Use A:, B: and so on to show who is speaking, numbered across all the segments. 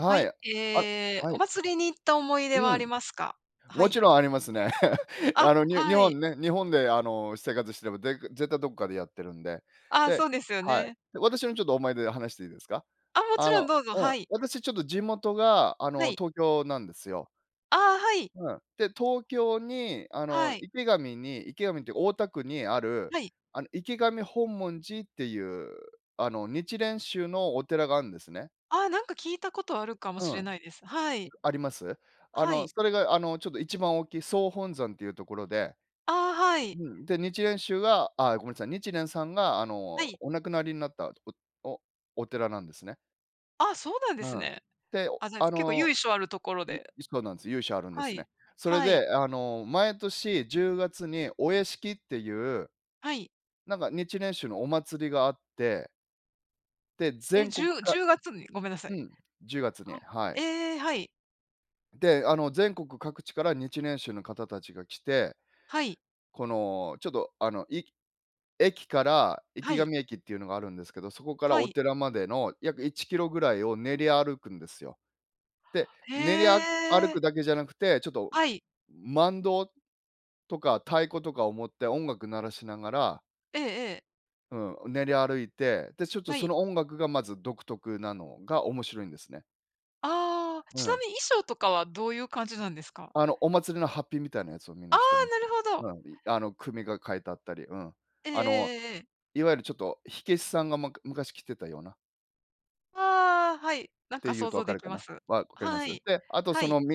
A: は
B: い、
A: い、え
B: あ、
A: え、
B: は
A: お
B: い。
A: 祭りに行った思い出は
B: う
A: あ
B: ん、
A: りますか？は
B: も
A: い。
B: ちろんありますね。
A: あ、
B: あの、に日
A: はい。
B: 本ね、日本で、あの、生活してもぜ絶対どこかでやってるんで、
A: あ、
B: で、
A: そうですよ
B: はい、
A: ね。
B: 私も、ちょっと、思い出話していいですか。
A: あ、もち
B: あ
A: ろん
B: の
A: どうぞ、
B: うん、
A: はい。
B: 私、ちょっと、地元が、あ
A: は
B: の、
A: い。
B: 東京なんですよ。
A: ああ、はい。
B: うん。で、東京に、あの、
A: はい。
B: 池上に池上っていうか大田区にある、
A: はい。
B: あの、池上本門寺っていう、あの、日蓮宗のお寺があるんですね。
A: あ、なんか、聞いたことあるかもし
B: う
A: れ
B: ん。
A: ないです。はい。
B: あります、あ
A: は
B: の、
A: い。
B: それが、あの、ちょっと、一番大きい総本山というところで。
A: ああ、はい。
B: うん、で日蓮宗は、あ、ごめんなさい、日蓮さんが、あ
A: は
B: の、
A: い。
B: お亡くなりになったおおお寺なんですね。
A: あ、そうなんで
B: う
A: す
B: ん、
A: ね。
B: て、
A: ああ、じゃ、
B: あ
A: 結構
B: の、
A: 由緒あるところ
B: い
A: で。
B: そうなんです。由緒あるんで
A: は
B: す
A: い、
B: ね。それ
A: はい。
B: で、あの、毎年10月にお屋敷っていう、
A: はい。
B: なんか、日蓮宗のお祭りがあって。で、
A: え、
B: 全
A: じ
B: 国
A: ゅう、
B: か
A: 10月に？ごめんなさ
B: う
A: い。
B: ん、10月に、は
A: は
B: い。
A: い。ええ、はい。
B: で、あの、全国各地から日蓮宗の方たちが来て
A: はい。
B: この、ちょっと、あの、い駅から
A: は
B: 池
A: い。
B: 上駅っていうのがあるんですけど、そこから
A: は
B: お
A: い。
B: 寺までの約1キロぐらいを練り歩くんですよ。で、
A: へ
B: 練り歩
A: え。
B: くだけじゃなくて、ちょっと、
A: はい。
B: 万灯とか太鼓とかを持って、音楽鳴らしながら
A: ええええ。
B: うん、練り歩いて、で、ちょっと、
A: は
B: そ
A: い。
B: の音楽がまず独特なのが面白いんですね。
A: ああ、
B: う
A: ちな
B: ん。
A: みに衣装とかはどういう感じなんですか？
B: あの、お祭りのハッピみたいなやつをみん
A: ああ、
B: な着てます。
A: なるほど。
B: うん、あの、組が書いてあったり。うん、
A: えええ
B: あの、
A: えええええ。
B: いわゆる、ちょっと、火消しさんが昔着てたような。
A: ああ、はい、なん
B: って
A: か、
B: 言う
A: 想
B: と分
A: 像
B: か
A: で
B: る
A: き
B: か
A: ま
B: な、
A: す。
B: 分かりま
A: は
B: す？
A: い、
B: で、あと、
A: は
B: そ
A: い。
B: の、道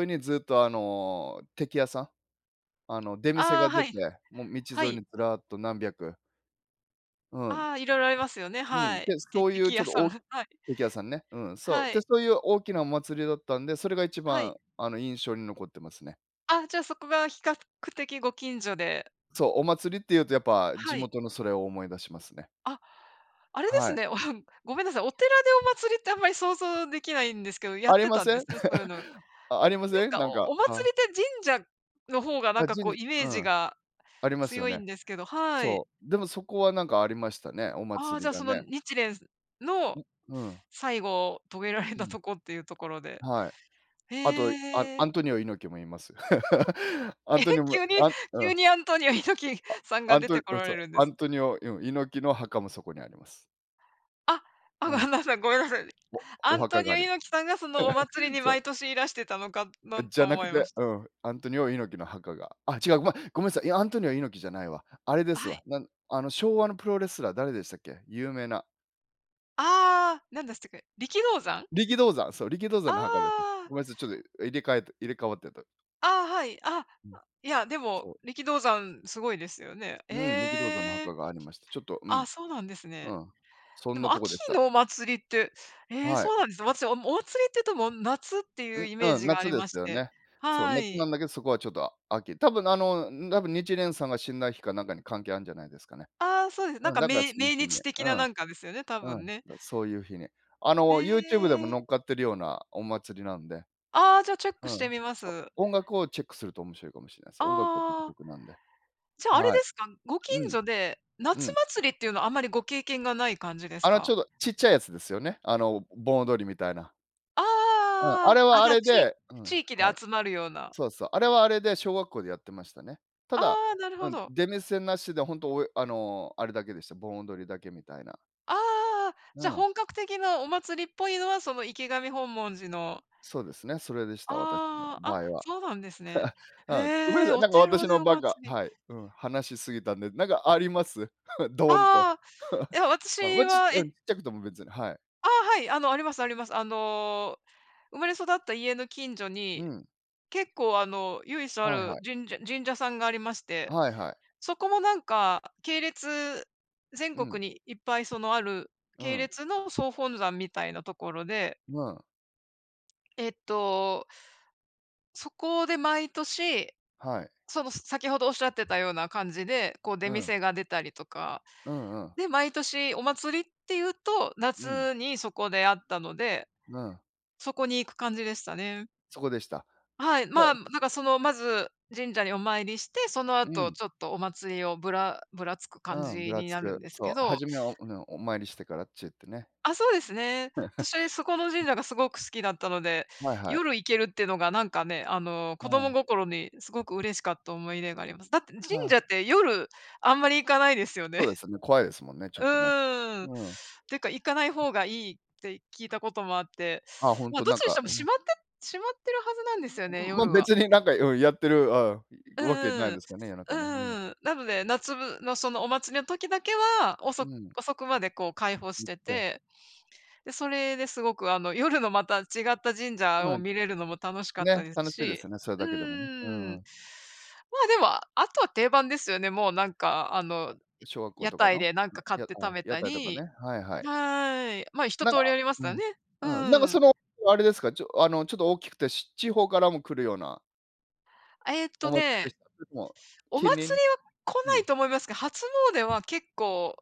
B: 沿いにずっと、あの、テキ屋さん、あの、出店
A: あ
B: が
A: あ、
B: 出
A: は
B: て、
A: い、
B: もう、
A: は
B: 道沿い
A: い。
B: にずらっと何百うん。
A: ああ、色々ありますよね、
B: うん、
A: はい。
B: で、
A: テ
B: そうい
A: テ
B: う、
A: キ
B: ちょ
A: 屋
B: っと、
A: さ
B: お
A: ん。
B: お
A: はい。
B: テキ屋さんね。うん、そう。
A: は
B: で、
A: い。
B: そういう大きなお祭りだったんで、それが一
A: はい。
B: 番、あの、印象に残ってますね。
A: ああ、じゃあ、そこが比較的ご近所で。
B: そう、お祭りって言うと、やっぱ、
A: は
B: 地
A: い。
B: 元のそれを思い出しますね。
A: あ、あれで
B: は
A: す
B: い。
A: ね、、ごめんなさい、お寺でお祭りってあんまり想像出来ないんですけど、やっ
B: あり
A: て
B: ま
A: たん
B: せ
A: で
B: ん？
A: すね、そういうの。なん
B: あ、ありません？
A: か、
B: なんか、
A: お祭
B: は。
A: りって神社の方が、なん
B: あ、
A: か、こ
B: 神
A: う、
B: 社
A: イメ
B: う
A: ージ
B: ん、
A: が
B: ありますよ
A: 強い
B: ね。
A: んですけど、はい。
B: そう、でもそこは何かありましたね。お
A: ああ、
B: 祭
A: じ
B: り
A: ゃあ、
B: が
A: その、
B: ね。
A: 日蓮の
B: ん、うん。
A: 最期を遂げられ
B: う
A: た
B: ん。
A: とこっていうところで、
B: はい、あと、アン
A: へ
B: ア
A: え。
B: ントニオ猪木もいます。アン
A: えへ、
B: トニモ
A: 急に
B: あんう
A: 急
B: ん。
A: にアントニオ猪木
B: あ、
A: さんが
B: アン
A: 出
B: トニ
A: てこ
B: うん、
A: ら
B: そう、
A: れるんで
B: ア
A: す。
B: ントニオ、うん、猪木の墓もそこにあります。
A: あ、あ
B: う
A: ごめ
B: ん。
A: んなさいごめんなさい。
B: わ、
A: ア
B: お
A: ント
B: 墓が
A: ニオ
B: あり
A: 猪木さんが、その、お祭り に
B: そう。
A: 毎年いらしてたのかな
B: じ
A: と
B: ゃな
A: 思
B: く
A: いま
B: て、
A: した。
B: うん、アントニオ猪木の墓が。あ、違うごめんごめんなさい。いや、アントニオ猪木じゃないわ。あれです
A: はい。
B: わ。なん、あの、昭和のプロレスラー誰でしたっけ有名な。
A: ああ、何でしたっけ、力道山？
B: 力道山、そう、力道
A: あ
B: 山の墓です。
A: あ。
B: ごめんなさい、ちょっと、入れ替えて入れ替わってた。
A: ああ、はい。あ、
B: うん。
A: いや、でも
B: そう。
A: 力道山すごいですよね。
B: うん、力道山の
A: ええ、
B: 墓がありました。ちょっと、う
A: あ、
B: ん、
A: そうなんですね。
B: うん、そ
A: で
B: んな
A: も、
B: とこ
A: 秋
B: でした。
A: のお祭りって、え、
B: はい。
A: そうなんですね。私、あの、お祭りっていうと、もう、夏っていう
B: ん、
A: イメー
B: うん、
A: ジがあ
B: 夏
A: り
B: で
A: ま
B: す
A: し
B: よ
A: て、
B: ね。そう、
A: は
B: 夏
A: い。
B: なんだけどそこは、ちょっと、秋、多分、あの、多分日蓮さんが死んだ日か何かに関係あるんじゃないですかね。
A: ああ、そうです。何
B: うん、
A: か、
B: だから
A: めい
B: その
A: 命
B: 日に、
A: 日的
B: う
A: な
B: ん、
A: なんかですよね。多
B: う
A: 分
B: ん、
A: ね。
B: そういう日に、あ
A: へ
B: の、ユーチューブでも
A: え。
B: 載っかってるようなお祭りなんで、
A: ああ、じゃあ、チェッ
B: う
A: クして
B: ん、
A: みま
B: そう、
A: す。
B: 音楽をチェックすると面白いかもしれないです。音楽が独
A: ああ。
B: 特なんで。
A: じゃあ、あれ
B: は
A: で
B: い、
A: すか、ご近
B: うん、
A: 所で
B: う
A: 夏
B: ん。
A: 祭りっていうのは、あまり、ご経験がない感じです
B: あの、ち
A: か？
B: ょうどちっちゃいやつですよね、あの、盆踊りみたいな。うん、あ
A: あ
B: れ
A: あ、あ、
B: はあ
A: じゃあ、
B: れ
A: ち
B: でう
A: 地
B: ん、
A: 域で
B: はい、
A: 集まるような。
B: そうそう、あれはあれで小学校でやってましたね。た
A: あ
B: だ、
A: あ、なる
B: う
A: ほ
B: ん、
A: ど。
B: 出店なしで本当、おえあの、あれだけでした、盆踊りだけみたいな。
A: ああ、
B: う
A: じゃ、
B: ん。
A: 本格的なお祭りっぽいのは、その、池上本文寺の
B: そうですね、それでした、私の
A: ああ、
B: 場
A: あ、
B: 合は。
A: そうなんですね。
B: うん、ごめん
A: へ
B: な
A: え、
B: さい、
A: お
B: なんか、
A: 寺
B: 私
A: で
B: の
A: お
B: ばっか
A: 祭り。
B: はい、うん、話しすぎたんで、なんか、あります？ドーンと、
A: ああ、い や、
B: ま
A: 私
B: あ、ちっ
A: は、
B: う
A: え
B: ん、ちっちゃくても別に、はい。
A: ああ、はい、あの、ありますあります、あの、生まれ育った家の近所
B: う
A: に、
B: ん。
A: 結構、あの、由緒あ
B: はいは
A: る
B: い。
A: 神社神社さんがありまして、
B: はいはい。
A: そこも、なんか、系列、全
B: うん。
A: 国にいっぱい、その、ある
B: う
A: 系
B: ん。
A: 列の総本山みたいなところで。
B: うん。
A: えっと。そこで毎年、
B: はい。
A: その、先ほどおっしゃってたような感じで、こう、出
B: うん。
A: 店が出たりとか
B: うんうん。
A: で、毎年お祭りっていうと
B: うん。
A: 夏にそこであったので、
B: うん。
A: そこに行く感じでしたね。
B: そこでした。
A: はい、まあ、なんか、その、まず神社にお参りして、その
B: う
A: 後、
B: ん。
A: ちょっと、お祭りをぶらぶらつく感
B: うん、ぶ
A: じ
B: ら
A: に
B: つ
A: なるん
B: く、
A: です
B: そ
A: け
B: う、
A: ど。
B: 始めはね、お参りしてからあっちへ行ってね。
A: あ、そうですね、私、そこの神社がすごく好きだったので、
B: はいはい。
A: 夜行けるってのが、なんかね、あの、子
B: う
A: 供
B: ん。
A: 心にすごくうれしかった思い出があります。だって神
B: あ
A: 社っ
B: あ。
A: て夜、あんまり行かないですよ
B: そ
A: ね？
B: うですよね、怖いですもんね、ちょ
A: う
B: っとね。
A: ーん、
B: うん。
A: てか行かない方がいいって聞いたこともあって、
B: ああ、ほん
A: ま、
B: と、
A: どっ
B: なん
A: ちにし
B: か、
A: ても
B: あ
A: 閉
B: の
A: まって閉まってるはずなんでよね。
B: ん、まあ、
A: 夜は。
B: 別に、なんか、うん、やってる、あ
A: う
B: あ、わけない
A: んう
B: で
A: ん、
B: すけどね、夜
A: う
B: 中
A: ん
B: ね、うん。
A: うんうん、なので夏の、その、お祭りの時だけは、お
B: う
A: そ
B: ん。
A: 遅くまで、こう、開放し
B: 行っ
A: て
B: て。
A: て、で、それですごく、あの、夜のまた違った神社
B: う
A: を
B: ん、
A: 見れるのも楽しかった
B: ね、
A: です
B: 楽しいです
A: し。
B: よね、それ
A: う
B: だけでもね。う
A: ー
B: ん
A: ん。
B: うん。
A: まあ、でもあとは定番ですよね。もう、なんか、あの、
B: 小学校
A: 屋
B: とか
A: 台
B: の
A: で何か買っ
B: 屋
A: て食
B: 台、
A: べ
B: 屋
A: た
B: 台とか
A: り、
B: ね、はいはい。
A: はい、まあ、一
B: なん
A: 通り
B: か
A: あります
B: う
A: から
B: ん、
A: ね。う
B: うん、なんか、
A: ーん。
B: その、あれですか、ちょっと、あの、大きくてち地方からも来るような。
A: えっ
B: お
A: と
B: 祭
A: ね、
B: りでした？それとも
A: お祭
B: 近隣？
A: りは来
B: う
A: ない
B: ん。
A: と思いますけど、初詣は結構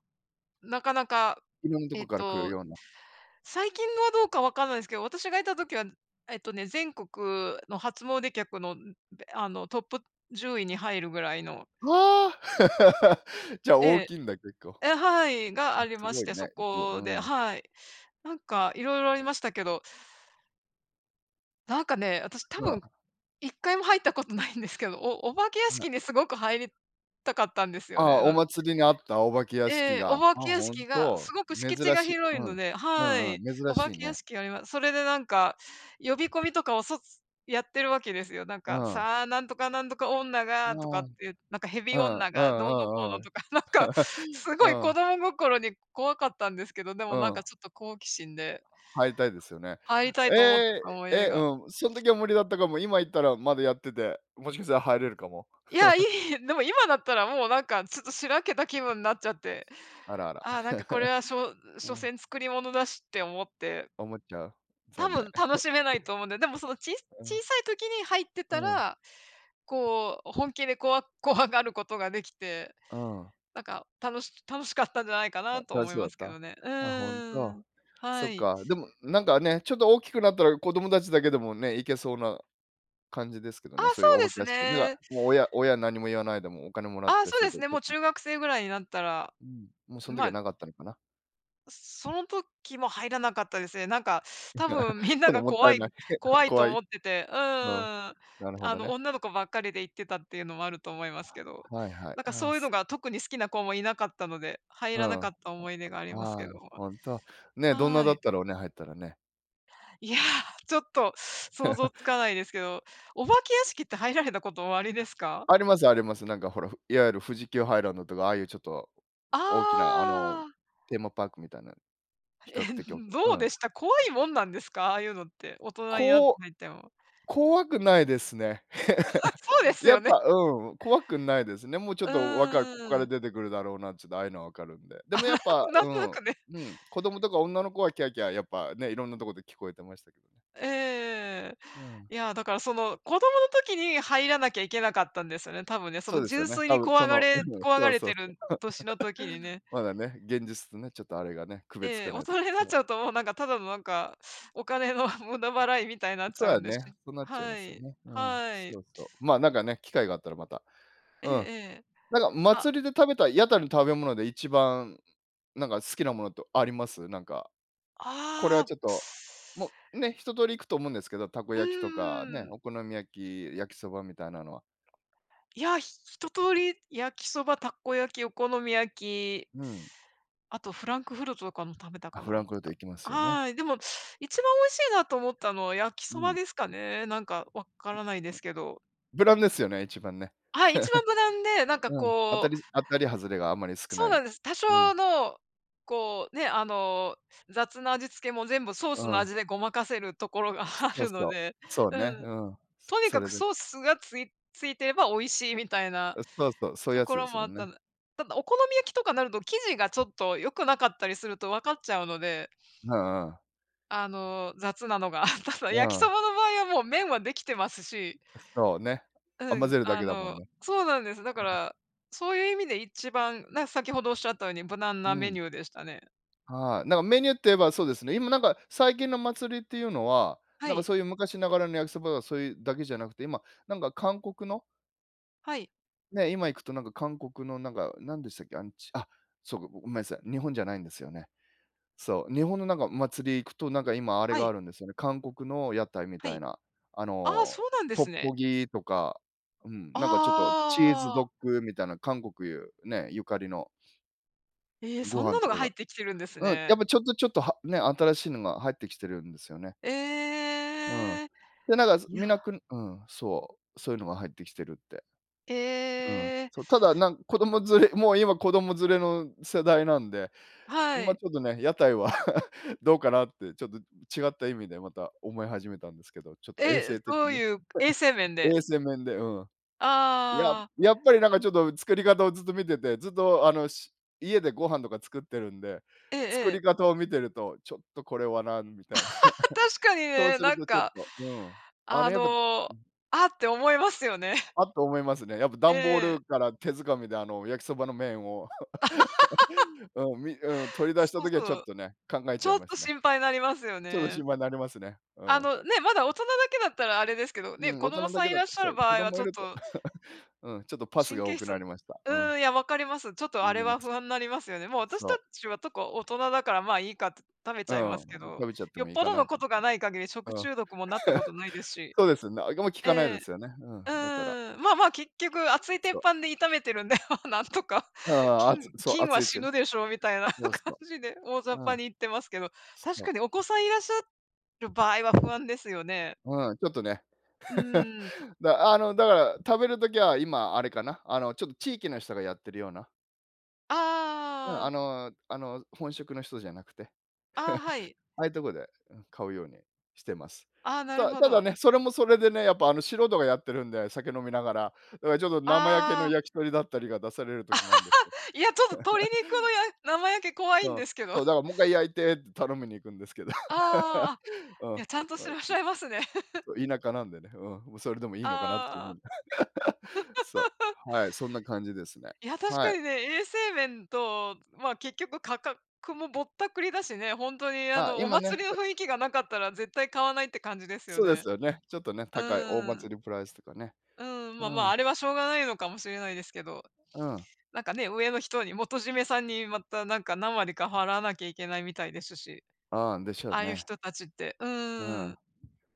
A: なかなか、
B: 色んなと
A: え
B: こ
A: っ
B: から来る
A: と、
B: ような。
A: 最近はどうか分かんないですけど、私がいた時は、えっとね、全国の初詣客のあのトップ10位に入るぐらいの。
B: はあ、じゃあ、
A: え
B: 大
A: え。
B: きいんだ結構。
A: ええ、はい、が
B: あ、
A: あり
B: す
A: ま
B: ご
A: し
B: い
A: て、そ
B: ね、じゅ、
A: こで、
B: うん。
A: はい、なんか、色々ありましたけど。なんかね、私多
B: うん。
A: 分1回も入ったことないんですけど、おお化け屋
B: はい。
A: 敷にすごく入りたかったんですよ
B: あ
A: ね、
B: あ、お
A: なん
B: 祭りがあったお化け屋敷
A: ええ、お
B: が、
A: 化
B: あ、
A: け屋
B: 本
A: 敷がす
B: 当
A: ごく
B: 珍
A: 敷地が
B: しい、う
A: 広いの
B: ん、
A: で、
B: う
A: は
B: んうん、
A: い、
B: 珍
A: お化
B: しい
A: け屋
B: ね。
A: 敷あります。それで、なんか、呼び込みとかをそやってるわけですよ。なん
B: う
A: か
B: ん。
A: 「さあ、何とか何とか女
B: あ
A: が」と
B: あ、
A: か
B: う
A: っていなんか、蛇
B: ん
A: 女
B: う
A: がどうのこう
B: んうんう
A: の
B: ん、
A: とか、なんか、すごい
B: う
A: 子
B: ん。
A: 供心に怖かったんですけど、で
B: う
A: も、なんか、
B: ん。
A: ちょっと、好奇心で
B: 入りたいですよね。
A: 入りたい
B: え
A: と思っ
B: え、
A: た思い出
B: え、
A: が。
B: うん、その時は無理だったかも、今行ったらまだやってて、もしかしたら入れるかも。
A: いや、い い、でも今だったら、もう、何か、ちょっと、白けた気分になっちゃって、
B: あらあら。
A: ああ、なんか、これ はしょ所
B: ああ。
A: 詮作り物だしって思って
B: 思っちゃう。
A: 多
B: 残念。
A: 分楽しめない と思うので、でも、その、ちい
B: う
A: 小
B: ん。
A: さい時に入って
B: あ
A: た
B: あ。
A: ら、こう、本気でこわ怖がることができて、
B: ああ。
A: 何か、たのし楽しかったんじゃないか
B: あ、
A: なと
B: 楽
A: 思い
B: しそ
A: ま
B: う
A: す
B: だ
A: け
B: っ
A: ど
B: た？
A: ね。う
B: あ、本
A: ー
B: 当。
A: ん。
B: そ
A: は
B: っ
A: い。
B: か、でも、なんかね、ちょっと、大きくなったら子供たちだけでもね行けそうな感じですけど
A: あ、
B: ね、そう
A: そ
B: いうお
A: う
B: 化
A: で
B: け
A: す
B: 屋敷でな、
A: ね。
B: 親親何も言わないでもお金もら
A: あ
B: っ
A: あ、
B: て
A: そ
B: す
A: う
B: る
A: です
B: と、
A: ね。
B: ちょっ
A: もう、
B: と
A: 中学生ぐらいになったら、
B: うん、もうその時
A: ま
B: は
A: あ。
B: なかったのかな。
A: その時も入らなかったですね。なんか、多 分みんな
B: 今度
A: が
B: もった
A: 怖
B: い
A: い、
B: ない、
A: 怖 いと
B: 怖
A: 思
B: い、
A: ってて、う
B: うん
A: ーん、
B: なるほ
A: あ
B: ど
A: の、
B: ね。
A: 女の子ばっかりで行ってたっていうのもあると思いますけど、
B: はいはい。
A: なんか、
B: ああ。
A: そういうの
B: す
A: が特に好きな子もいなかったので入
B: う
A: らな
B: ん、
A: かっ
B: あ
A: た思い出があります
B: あ、
A: けども。
B: 本当、ね、どんな
A: は
B: だ
A: い。
B: ったろうね、入ったらね。
A: いや、ちょっと、想像 つかないですけど、お化け屋敷って入られたことおありですか？
B: ありますあります、なんか、ほら、いわゆる富士急ハイランドとかああいう、ちょっと、
A: あ
B: 大きな、あの、
A: あ。
B: テーマパークみたいな比
A: え、
B: 較的大き
A: ど
B: なう
A: う
B: ん。
A: でした、怖いもんなんですか、ああいうのって？大人になって
B: こ、
A: 入っても。
B: 怖くないですね。
A: そうで す
B: やっ
A: よね。
B: ぱうん、怖くないですね。もう、ちょっ
A: う
B: と、わかるここか
A: ー
B: ら
A: ん。
B: 出てくるだろうなって、ちょっと、ああいうのわかるんで、でも、やっぱ、
A: なん
B: う
A: とな
B: ん、
A: くね。
B: うん、子供とか女の子はキャーキャー、やっぱね、色んなとこで聞こえてましたけどね。
A: ええ。
B: うん。
A: いや、だから、その、子供の時に入らなきゃいけなかったんですよね。多分ね、そ
B: そ
A: の、
B: うですよ
A: 純
B: ね、
A: 粋
B: 多
A: に
B: 分、そ
A: 怖が
B: の、
A: れ
B: うん、
A: 怖
B: そ
A: が
B: う
A: れ
B: そう
A: て
B: そう、
A: る年の時に ね。
B: まだね、現実とね、ちょっと、あれがね区別つ
A: ええ、
B: か
A: 大
B: ないとき、
A: 人になっ
B: そう。
A: ちゃうと、もう、なんか、ただの、なんか、お金の無駄払いみたいになっ
B: そ
A: ち
B: うだ
A: ゃう
B: よ
A: んで。
B: ね、そうなっちゃいま
A: は
B: すよ
A: い。
B: ね、うん、
A: はい。
B: そうそう、まあ、なんかね、機会があったらまた、
A: え
B: う
A: え
B: ん、
A: ええ。
B: なんか、
A: あ。
B: 祭りで食べた屋台の食べ物で一番、なんか、好きなものってあります？なんか、これ
A: あ
B: は、
A: あ。
B: ちょっと、もう、ね、一通り行くと思うんですけど、たこ
A: う
B: 焼きとかね、
A: ーん。
B: お好み焼き、やきそばみたいなのは。
A: いやあ、一通り焼きそば、たこ焼き、お好み焼き。
B: うん。
A: あとフランクフルトとかも食べた
B: あ、
A: か
B: フラ
A: な。
B: ンクフルトいきますよね。
A: はい、でも一番おいしいなと思ったのは焼き
B: う
A: そば
B: ん。
A: ですかね。なんか、分からないですけど。
B: 無難ですよね、一番ね。
A: はい、一番無難で、なん か、
B: うん、当た
A: こ
B: り
A: う。
B: 当たり外れがあまり少
A: そう
B: ない。
A: なんです。多
B: うん。
A: 少の、こうね、あの、雑な味付けも全部ソース
B: う
A: の
B: ん。
A: 味でごまかせるところがあ
B: そう
A: るの
B: そう、
A: で、
B: そうね、
A: うん、
B: うん、
A: とに
B: そ
A: か
B: れ
A: く
B: で。
A: ソースがついついてれば美味しいみたいな
B: うん、そうそう、そういう
A: と
B: や
A: こ
B: つで
A: ろ
B: す
A: も
B: も
A: あっ
B: んね。
A: たただお好み焼きとかなると生地が、ちょっと、良くなかったりすると分かっちゃうので。
B: うんうん。
A: あの、雑なのが ただ
B: う
A: 焼きそ
B: ん。
A: ばの場合は、もう、麺はできてますし。
B: そうね。
A: う
B: 混ぜ
A: ん、
B: るだ
A: あ
B: けだもん
A: の、
B: ね。
A: そうなんです。だからそういう意味で一番、な、先ほどおっしゃったように無難
B: う
A: なメ
B: ん。
A: ニューでしたね。
B: はあ。なんか、メニューと言えばそうですね。今、なんか、最近の祭りっていうのは、
A: は
B: なんか、
A: い。
B: そういう昔ながらの焼きそばとか、そういうだけじゃなくて、今、なんか、韓国の
A: はい。
B: ね、今行くと、なんか、韓国の、なんか、何でしたっけ、あ、そうか、ごめんなさい、日本じゃないんですよね、そう、日本の、なんか、お祭り行くと、なんか、今あれ
A: は
B: が
A: い。
B: あるんですよね。韓国の屋台み
A: は
B: たい
A: い、
B: な、あ
A: ああ、そ
B: の、
A: うなんで
B: トッ
A: すね。
B: ポギとか、うん、なんか、ちょっと、チーズ
A: あ
B: ド
A: あ。
B: ッグみたいな韓国、ねえ、ゆかりの
A: ええ、
B: ご
A: そん
B: 飯
A: なの
B: と
A: が
B: か
A: 入
B: が、
A: ってきてるんです
B: うん、や
A: ね。
B: っぱ、ちょっとちょっとはね、新しいのが入ってきてるんですよね。うん、
A: ええ。
B: で、なんか、
A: いや。
B: 見なくうん、そう、そういうのが入ってきてるって。うん、
A: ええ。
B: そう、ただ、なん子供連れ、もう、今子供連れの世代なんで、
A: は
B: ま、
A: い。
B: ちょっとね、屋台は どうかなってちょっと違った意味でまた思い始めたんですけど、ちょっと、衛
A: え、
B: 生的
A: どう
B: に、
A: いう、衛生面で？
B: 衛生面で。うん。や
A: ああ。
B: やっぱり、なんか、ちょっと、作り方をずっと見ててずっと、あのし家でご飯とか作ってるんで
A: ええ
B: 作り
A: ええ。
B: 方を見てると、ちょっと、これはな、みたいな
A: 確か に
B: そう
A: ね、
B: する
A: なん
B: と、ちょっ
A: か、
B: と、うん、あ
A: あ
B: れ、やっぱ
A: の、あって思いますよね。
B: あっと思いますね。やっぱ、ダンボー
A: ええ。
B: ルから手づかみで、あの、焼きそばの麺を、うんみうん、取り出した
A: そう
B: 時は、ちょ
A: そ
B: っ
A: う、
B: とね、考え
A: ち
B: ちゃい
A: ょっ
B: ま
A: と、
B: すね。
A: 心配になりますよ
B: ちょっと、
A: ね。
B: 心配になりますね。う
A: あ
B: ん。
A: の、ね、まだ大人だけだったらあれですけど
B: う
A: ね、
B: ん、
A: 子
B: 大
A: 供
B: 人だ
A: さ
B: け
A: んい
B: だ
A: ら
B: と、
A: っしゃ
B: そ
A: る
B: う、
A: 場
B: 子
A: 合は、
B: 供
A: ち
B: い
A: ょっ
B: ると、
A: と。
B: うん、ちょっと、パス
A: 神
B: が多
A: 経
B: く
A: 質
B: なりました。
A: う
B: うん。
A: ーん、いや分かります、ちょっと、
B: な
A: あれ
B: りま
A: は
B: す。
A: 不安になりますよね。もう、私
B: そ
A: た
B: う。
A: ちは、とこ、大人だから、まあ、いいか食べち
B: う
A: ゃいま
B: ん、
A: すけど、
B: 食べちゃって
A: よ
B: も
A: っ
B: いい
A: ぽ
B: か
A: ど
B: な。う
A: の
B: ん。
A: ことがない限り食中毒もなったことないです し。
B: そうですね。き
A: え
B: かないで
A: え。
B: すよね。う
A: う
B: ん、だから。
A: ーん、まあ、まあ、結局熱い鉄
B: そう。
A: 板で炒めてるんで、なんとか、
B: ああ、
A: 菌、
B: あつ、そう、
A: 菌
B: 熱
A: は
B: いち
A: 死
B: ゅう。
A: ぬでしょみたいな
B: そう
A: 感
B: そ
A: じで大雑
B: う、う
A: 把
B: ん。
A: に言ってますけど、確
B: そう。
A: かにお子さんいらっしゃる場合は不安ですよね。
B: うん、ちょっとね。
A: う ーん。
B: だあの、だから、食べる時は今あれかな、あの、ちょっと、地域の人がやってるような。うん、
A: あ
B: あ
A: あ。
B: の、あの、本職の人じゃなくて。
A: あ、はい。
B: ああいうとこで買うようにしてます。
A: あ、な
B: た
A: る
B: だ
A: ほ
B: ただ
A: ど。
B: ね、それもそれでね、やっぱ、素人がやってるんで酒飲みながら、ちょっと、生焼け
A: あ
B: の
A: あ。
B: 焼き鳥だったりが出される時もあるんですけど。
A: いや、ちょっと、鶏 肉のや生焼け怖い
B: う
A: ん
B: ん、
A: ですけど。
B: そう、だからもっかい焼いてって頼みに行くんですけど。
A: ああ、あ、
B: うん。
A: いや、ちゃん として
B: に。
A: らっしゃいますね。
B: そう、田舎なんでね、うん、もう、それでもいいのかなっていう風
A: あ
B: に。そ
A: あ。
B: う、はい、そんな感じですね。
A: いや、確
B: は
A: か
B: い。
A: にね、衛生面と、まあ、結局価格もぼったくりだしね。本当に、あ
B: あ、
A: の、お
B: 今ね、
A: 祭り
B: ち
A: の
B: ょ
A: 雰囲気がなかったら絶対買わないって感じですよ
B: そうで
A: ね。
B: すよね、ちょっとね、
A: う
B: 高いお
A: ーん。
B: 祭りプライスとかね、
A: うん、
B: う
A: ま、まあ、
B: ん。
A: あれはしょうがないのかもしれないですけど、
B: うん。
A: なんかね、上の人に元締めさんにまた、なんか、何割か払わなきゃいけないみたいですし、
B: ああ、でしょう
A: ああいう
B: ね。
A: 人達って、う
B: う
A: ー
B: ん。
A: ん。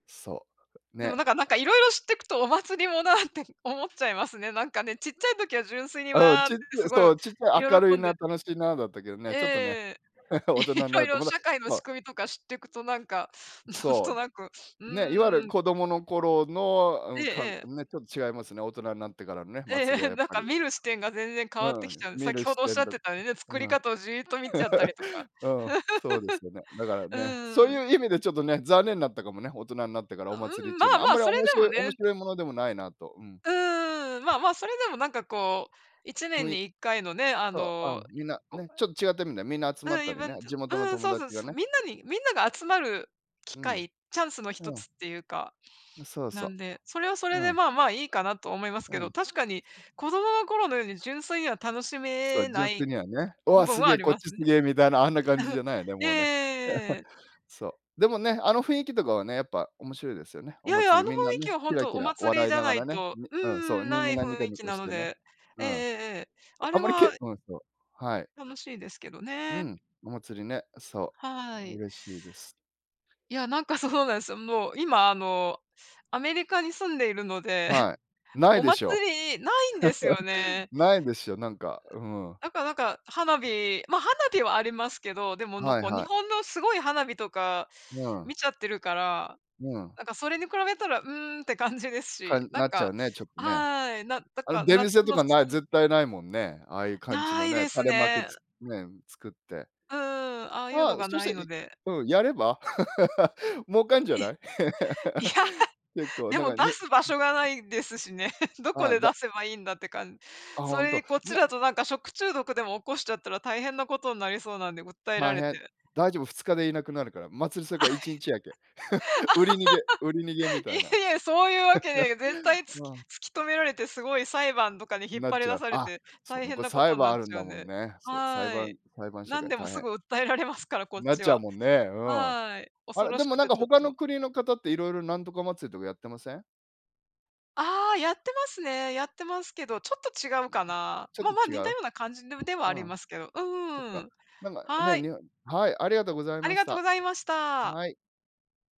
B: そう。
A: でも、
B: ね。
A: なんかなんか、色々知ってくとお祭りも なって思っちゃいますね、なんかね、ちっちゃい時は純粋に
B: うん、
A: 「わあっ」
B: ちゅっ
A: てす
B: と、
A: ご
B: そ
A: い
B: う、ちゅっと、明るい
A: 喜ん
B: な
A: で
B: あ楽しいなあだったけどね、ちょっとね、
A: ええ、
B: 大
A: い
B: 人にな
A: ろい
B: ると、
A: ろ
B: また
A: 社会の
B: そ
A: 仕
B: う。
A: 組みとか知ってくと、なんか、なん
B: そ
A: となく、う
B: う、ね、所謂
A: ーん。
B: 子供の頃の、う
A: ええ
B: ん、かね、
A: ええ。
B: ちょっと、違いますよね、大人になってからのね、
A: え
B: 祭りは、
A: え、
B: やっ
A: なん
B: ぱ
A: か、
B: り。
A: 見る視点が全然変わって
B: う
A: きち
B: ん、
A: ゃう、
B: 見
A: 先
B: る
A: ほ
B: 視
A: どおっし
B: 点
A: ゃっ
B: だっ
A: てたね、
B: たか
A: 作り
B: な。
A: 方をじっと見ちゃったりとか。
B: うん、そうですよね、だ から
A: う
B: ね、そう
A: ーん。
B: いう意味で、ちょっとね、残念だったかもね、大人になってからお
A: あ、う
B: 祭りっ
A: ん、
B: ち
A: ま
B: ゅう
A: あ、
B: のあん
A: まあ、
B: まり
A: それ
B: 面
A: でも
B: 白面
A: ね。
B: 白いものでもないなあと、うん。
A: うーん、まあ、まあ、それでも、なんか、こう、いちね
B: ふ
A: ん
B: い
A: に1回のね、あ
B: そう、あ、
A: の
B: みんな、ねえ、ちょっと、違ってるんで、みんな集まっ
A: うん、
B: た
A: イ
B: り
A: ベ
B: ね、
A: ントう
B: 地元の
A: ーん、
B: 友
A: そうそう
B: 達が
A: そう、
B: ね。
A: みんなにみんなが集まる機
B: うん、
A: 会、チャンスの一
B: うん。
A: つっていうか
B: そう
A: な
B: そ
A: んでそれはそ
B: う、
A: れ
B: う
A: で、
B: ん。
A: まあ、まあ、いいかなと思いますけ
B: う
A: ど、
B: ん。
A: 確かに 子供の頃のように純粋には楽し
B: そ
A: め
B: う、
A: な
B: 純粋
A: い
B: にはね、お
A: 部
B: お、
A: 分
B: す
A: は
B: げ
A: あ
B: え
A: り
B: こっ
A: ます
B: ちす
A: ね。
B: げえみたいなあんな感じじ ゃないよね、もうね。
A: ええ。
B: そう、でもね、あの、雰囲気とかはね、やっぱ、面白いですよね、
A: い
B: お
A: やいや、あ
B: 祭
A: の、
B: り
A: 雰囲
B: みんな
A: 気
B: ね、
A: は
B: ケ
A: 本
B: ラ
A: 当
B: ケ
A: お
B: ラ
A: 祭り
B: 笑
A: じ
B: い
A: ゃ
B: なが
A: ない
B: らね、
A: と、う
B: うん、そう、
A: ん、
B: み
A: な
B: ん
A: い雰
B: なニコ
A: 囲
B: ニ
A: 気
B: コ
A: な
B: し
A: の
B: てね、
A: で、え
B: う
A: ええ
B: ん、
A: えええ、あ
B: あ
A: れ
B: んまりけ
A: は
B: うん、そう、はい。
A: 楽しいですけど
B: う
A: ね。
B: ん、お祭りね、そ
A: は
B: う、
A: い。
B: 嬉しいです。
A: いや、なんか、そうなんです。もう、今、あの、アメリカに住んでいるので、
B: はい、な
A: お
B: いで
A: 祭
B: しょ、
A: りないんですよ ね。
B: ないでしょ、なんか、うん。
A: だから、なんか、花火、まあ、花火はありますけど、でも、なん
B: はい
A: か、
B: は
A: 日
B: い。
A: 本のすごい花火とか
B: うん。
A: 見ちゃってるから、
B: うん。
A: なんか、それに比べたら「うーん」って感じです
B: か
A: し、
B: ん
A: なん
B: なっちゃう
A: か、
B: ね、ちょっとね。
A: はい、なんだ
B: あの、
A: か
B: 出
A: 夏
B: 店と
A: のそ
B: かない、
A: う
B: 絶対ないもんね。ああいう感じ
A: な
B: の
A: い
B: ね
A: で
B: 垂
A: す
B: れ幕
A: ね。
B: つねえ、作って。
A: うーん、ああいう
B: あ、
A: のが
B: そし
A: な
B: た
A: い
B: ら
A: の
B: い
A: で。
B: うん、やれば 儲かんじゃ
A: い。
B: ない。
A: いや、
B: 結構、
A: で
B: なん
A: も、
B: か
A: 出
B: ね、
A: す場
B: うん。
A: 所がないですしね、どこ
B: ああ
A: で出
B: だ。
A: せばいいんだって感、
B: あ、
A: そ
B: ほん
A: れで
B: と、
A: こっち
B: な
A: だと、なんか、食中毒でも起こしちゃったら大変なことになりそうなんで訴えら
B: 大
A: れ
B: 変。
A: て。
B: 大丈夫、2日でいなくなるから、祭り、それか1日やけ、売り逃げ売り逃げみ
A: い
B: たいな。
A: やいや、そういうわけには、絶対突 き
B: まあ。
A: 突き止められて、すごい裁判とかに引っ
B: なっ
A: 張り
B: ちゃ
A: 出
B: う、
A: され
B: あ、
A: て
B: そう、
A: 大
B: 向
A: 変
B: こう
A: なこ
B: 裁
A: とに
B: 判
A: なっ
B: あるん
A: ちゃ
B: だ
A: うん
B: もん
A: で、
B: ね、そう、裁
A: はい、
B: 判裁判社
A: 何
B: 会
A: でも
B: 大
A: す
B: 変。
A: ぐ訴えられますから、こっ
B: なっ
A: ち
B: ちゃう
A: は、
B: もんね、うん。
A: はい、
B: あ
A: 恐
B: れ
A: ろ
B: で
A: し
B: も、
A: く
B: なん
A: て、
B: か、
A: ちょっ
B: 他
A: と。
B: の国の方っていろいろなんとか祭りとかやってません？
A: あ、やってますね。やってますけど、ちょっと違うかな。
B: ちょっ
A: まあ、
B: と
A: まあ、
B: 違
A: 似た
B: う？
A: ような感じではあり
B: うん、
A: ますけど、う
B: そっ
A: ー
B: か、
A: ん、
B: なんか
A: は
B: ね、
A: い。
B: 日本はい、ありがとうござい
A: あ
B: ま
A: り
B: し
A: がとうご
B: た。
A: ざいました。
B: はい。